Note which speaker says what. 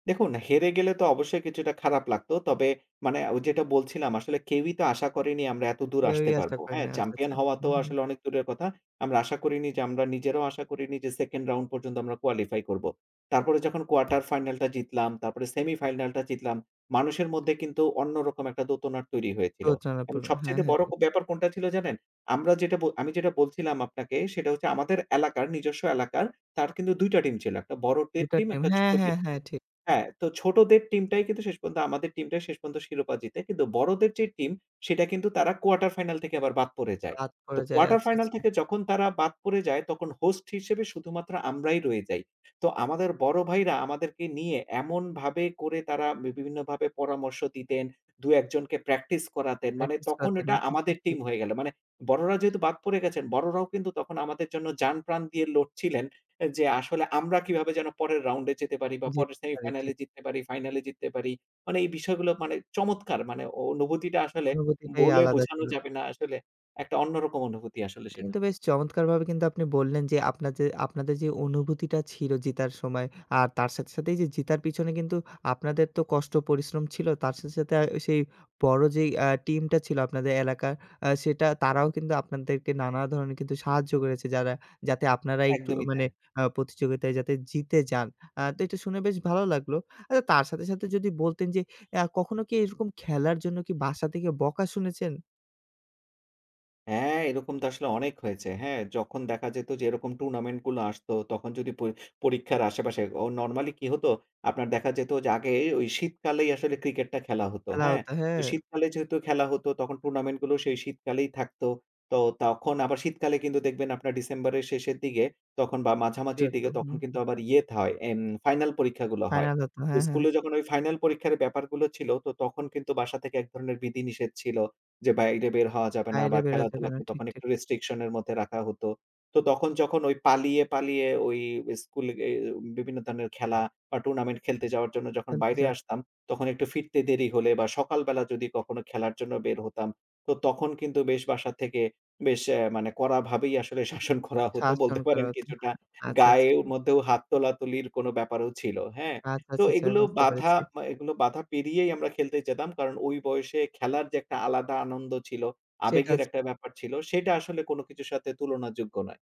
Speaker 1: দেখুন হেরে গেলে তো অবশ্যই কিছুটা খারাপ লাগতো। তবে মানে ওই যেটা বলছিলাম আসলে কেউই তো আশা করেনি আমরা এতদূর
Speaker 2: কেউই
Speaker 1: আসতে
Speaker 2: আসতে
Speaker 1: পারব।
Speaker 2: পারে
Speaker 1: হ্যাঁ,
Speaker 2: নাই। আচ্ছা,
Speaker 1: চ্যাম্পিয়ন
Speaker 2: আচ্ছা।
Speaker 1: হওয়া তো
Speaker 2: হুম, হুম।
Speaker 1: আসলে অনেক দূরের কথা। আমরা আশা করিনি যে আমরা নিজেরাও আশা করিনি যে সেকেন্ড রাউন্ড পর্যন্ত আমরা কোয়ালিফাই করব। তারপরে যখন কোয়ার্টার ফাইনাল টা জিতলাম, তারপরে সেমিফাইনাল টা জিতলাম মানুষের মধ্যে কিন্তু অন্যরকম একটা দোতনার তৈরি হয়েছিল এবং
Speaker 2: [unintelligible] হ্যাঁ, হ্যাঁ,
Speaker 1: সবচাইতে বড়
Speaker 2: হ্যাঁ।
Speaker 1: ব্যাপার কোনটা ছিল জানেন? আমরা যেটা আমি যেটা বলছিলাম আপনাকে সেটা হচ্ছে আমাদের এলাকার নিজস্ব এলাকার তার কিন্তু ২টা টিম ছিল। একটা বড় দের
Speaker 2: ২টা
Speaker 1: টিম
Speaker 2: টাইম
Speaker 1: একটা
Speaker 2: হ্যাঁ,
Speaker 1: ছোট দের
Speaker 2: হ্যাঁ,
Speaker 1: টিম।
Speaker 2: হ্যাঁ ঠিক।
Speaker 1: হ্যাঁ, তো ছোটদের টিমটাই কিন্তু শেষ পর্যন্ত আমাদের টিমটাই শেষ পর্যন্ত শিরোপা জিতে কিন্তু বড়দের যে টিম সেটা কিন্তু তারা কোয়ার্টার ফাইনাল থেকে আবার বাদ পড়ে যায়।
Speaker 2: রাত
Speaker 1: তো
Speaker 2: পড়ে যায়।
Speaker 1: কোয়ার্টার
Speaker 2: আচ্ছা,
Speaker 1: ফাইনাল
Speaker 2: আচ্ছা।
Speaker 1: থেকে যখন তারা বাদ পড়ে যায় তখন হোস্ট হিসেবে শুধুমাত্র আমরাই রয়ে যাই। তো আমাদের বড় ভাইরা আমাদেরকে নিয়ে এমনভাবে করে তারা বিভিন্নভাবে পরামর্শ দিতেন। ২ একজনকে প্র্যাকটিস করাতেন। মানে
Speaker 2: প্র্যাকটিস
Speaker 1: তখন
Speaker 2: করাতেন
Speaker 1: ওটা
Speaker 2: আচ্ছা, আচ্ছা
Speaker 1: আমাদের
Speaker 2: ঠিক।
Speaker 1: টিম হয়ে গেলো। মানে বড়রা যেহেতু বাদ পড়ে গেছেন বড়রাও কিন্তু আমাদের জন্য জানপ্রাণ দিয়ে লড়ছিলেন যে আসলে আমরা কিভাবে যেন পরের রাউন্ডে যেতে পারি বা
Speaker 2: যেতে
Speaker 1: পরের
Speaker 2: পারে
Speaker 1: সেমিফাইনাল
Speaker 2: ঠিক।
Speaker 1: এ জিততে পারি, ফাইনাল এ জিততে পারি। মানে এই বিষয়গুলো মানে চমৎকার মানে অনুভূতিটা আসলে
Speaker 2: অনুভূতিটাই
Speaker 1: বলে
Speaker 2: আলাদা
Speaker 1: বোঝানো
Speaker 2: ছিল।
Speaker 1: যাবে না আসলে একটা অন্যরকম অনুভূতি আসলে
Speaker 2: এটা
Speaker 1: সেটা।
Speaker 2: কিন্তু বেশ চমৎকারভাবে কিন্তু আপনি বললেন যে আপনার যে আপনাদের যে অনুভূতিটা ছিল জিতার সময় আর তার সাথে সাথেই যে জিতার পিছনে কিন্তু আপনাদের তো কষ্ট পরিশ্রম ছিল। তার শেস সাথে সেই বড় যে ইয়ে টিম টা ছিল আপনাদের এলাকার সেটা তারাও কিন্তু আপনাদেরকে নানা ধরণের কিন্তু সাহায্য করেছে। যারা যাতে আপনার এই
Speaker 1: একদমই
Speaker 2: মানে
Speaker 1: তাই।
Speaker 2: আ প্রতিযোগিতায় যাতে জিতে যান। আ তো এটা শুনে বেশ ভালো লাগলো। আ তার সাথে, সাথে যদি বলতেন যে অ্যা কখনো কি এরকম খেলার জন্য বাসা থেকে বকা শুনেছেন?
Speaker 1: হ্যাঁ, এরকম তো আসলে অনেক হয়েছে। হ্যাঁ, যখন দেখা যেত যে এরকম টুর্নামেন্ট গুলো আসতো তখন যদি পর পরীক্ষার আশেপাশে ও নরমালি কি হতো আপনার দেখা যেত যে আগে শীতকালেই আসলে ক্রিকেটটা খেলা হতো,
Speaker 2: খেলা
Speaker 1: হ্যাঁ।
Speaker 2: হত, হ্যাঁ।
Speaker 1: শীতকালে যেহেতু খেলা হত তখন টুর্নামেন্ট গুলো সেই শীতকালেই থাকতো। তো তখন আবার শীতকালে কিন্তু দেখবেন আপনার ডিসেম্বরের শেষের দিকে তখন বা
Speaker 2: ঠিক
Speaker 1: মাঝামাঝির
Speaker 2: তো
Speaker 1: দিকে তখন
Speaker 2: হুম, হুম।
Speaker 1: কিন্তু আবার ইয়ে তা হয় ইম ফাইনাল পরীক্ষাগুলো হয়।
Speaker 2: ফাইনাল হতো
Speaker 1: তো
Speaker 2: হ্যাঁ,
Speaker 1: স্কুল
Speaker 2: হ্যাঁ।
Speaker 1: এ যখন ওই ফাইনাল পরীক্ষার ব্যাপারগুলো ছিল তো তখন কিন্তু বাসা থেকে এক ধরনের বিধিনিষেধ ছিল যে বাইরে বের হওয়া যাবে না
Speaker 2: বাইরে
Speaker 1: বা
Speaker 2: বেরোতে না
Speaker 1: খেলাধুলা
Speaker 2: দেবে ঠিক,
Speaker 1: তখন
Speaker 2: ঠিক।
Speaker 1: একটু রেস্ট্রিকশন এর মধ্যে রাখা হতো। তো তখন যখন ওই পালিয়ে, পালিয়ে ওই স্কুল এ এ বিভিন্ন ধরনের খেলা বা টুর্নামেন্ট খেলতে যাওয়ার জন্য যখন
Speaker 2: খেলতে
Speaker 1: বাইরে
Speaker 2: চাচ্ছে।
Speaker 1: আসতাম তখন একটু ফিরতে দেরি হলে বা সকালবেলা যদি কখনো খেলার জন্য বের হতাম, তো তখন কিন্তু বেশ বাসা থেকে বেশ অ্যা মানে কড়াভাবেই আসলে শাসন করা হত।
Speaker 2: শাসন
Speaker 1: বলতে
Speaker 2: করা
Speaker 1: পারেন
Speaker 2: হত।
Speaker 1: কিছুটা
Speaker 2: আচ্ছা, আচ্ছা
Speaker 1: গায়ের
Speaker 2: ঠিক।
Speaker 1: মধ্যেও হাত তোলাতুলির কোনো ব্যাপারও ছিল, হ্যাঁ।
Speaker 2: আচ্ছা,
Speaker 1: তো
Speaker 2: আচ্ছা, আচ্ছা
Speaker 1: এগুলো
Speaker 2: বুঝতে
Speaker 1: বাধা
Speaker 2: পেরেছি।
Speaker 1: এগুলো বাঁধা পেরিয়েই আমরা খেলতে যেতাম। কারণ ওই বয়সে খেলার যে একটা আলাদা আনন্দ ছিল, আবেগের
Speaker 2: [unintelligible]
Speaker 1: একটা ব্যাপার ছিল সেটা আসলে কোন কিছুর সাথে তুলনাযোগ্য নয়।